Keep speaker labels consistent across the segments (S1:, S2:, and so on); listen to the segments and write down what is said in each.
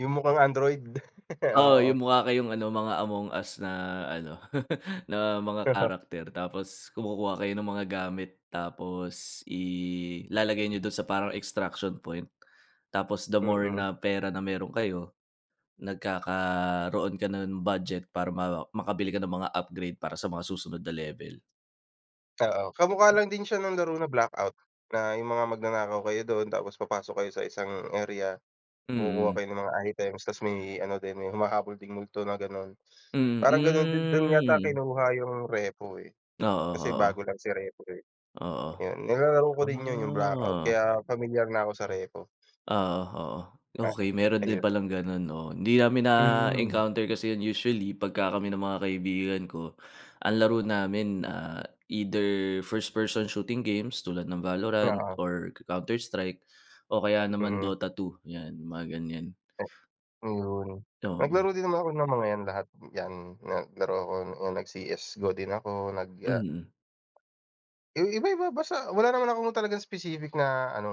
S1: Yung mukhang Android.
S2: Oo, yung
S1: Oo.
S2: mukha kayong ano, mga Among Us na ano, na mga character, tapos kumukuha kayo ng mga gamit, tapos ilalagay niyo do'n sa parang extraction point, tapos the more
S1: Mm.
S2: na pera na meron kayo, nagkakaroon ka ng budget para ma makabili ka ng mga upgrade para sa mga susunod na level.
S1: Oo. Kamukha lang din siya ng laro na Blackout, na yung mga magnanakaw kayo do'n, tapos papasok kayo sa isang area, kukuha
S2: Mm.
S1: kayo ng mga items, ta's may ano din, may humahabol ding multo na gano'n.
S2: Hmm,
S1: Parang gano'n din do'n
S2: hmm,
S1: yata
S2: mm.
S1: kinuha yung REPO, eh,
S2: Oo,
S1: kasi bago
S2: oo.
S1: lang si REPO, eh.
S2: Oo.
S1: Ayun, nilalaro ko din yun yung Blackout
S2: Ah
S1: kaya pamilyar na ako sa REPO.
S2: Oo, oo.
S1: Ah.
S2: Okey, meron din
S1: Ayun.
S2: palang gano'n 'no? Hindi namin
S1: Mhm.
S2: na-encounter kasi yun usually pagka kami ng mga kaibigan ko. Ang laro namin, ah, either first person shooting games tulad ng Valorant,
S1: Oo.
S2: or Counter Strike, o kaya naman
S1: Mm.
S2: Dota 2, yan, mga ganyan.
S1: Ayun.
S2: Oo.
S1: Naglaro din naman ako ng mga yan lahat, yan, naglaro ako, yan nag CS:GO din ako nag, ah
S2: Mm.
S1: Eh, iba-iba basta wala naman akong talagang specific na ano,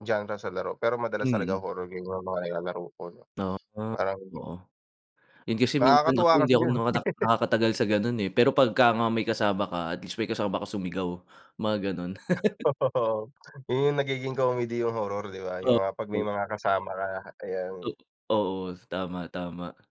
S1: genre sa laro, pero madalas talaga
S2: Mm.
S1: horror game yung mga nilalaro ko 'no?
S2: Ah,
S1: Parang
S2: oo. Yun kasi minsan ako
S1: Nakakatuwa
S2: hindi
S1: kasi
S2: ako
S1: yun.
S2: nakatak nakakatagal sa gano'n, eh, pero pagka nga may kasama ka, at least may kasama ka sumigaw, mga gano'n.
S1: Yun yung nagiging comedy yung horror, di ba? Yung mga 'pag may
S2: Okey.
S1: mga kasama ka,
S2: O
S1: ayan.
S2: oo, tama, tama.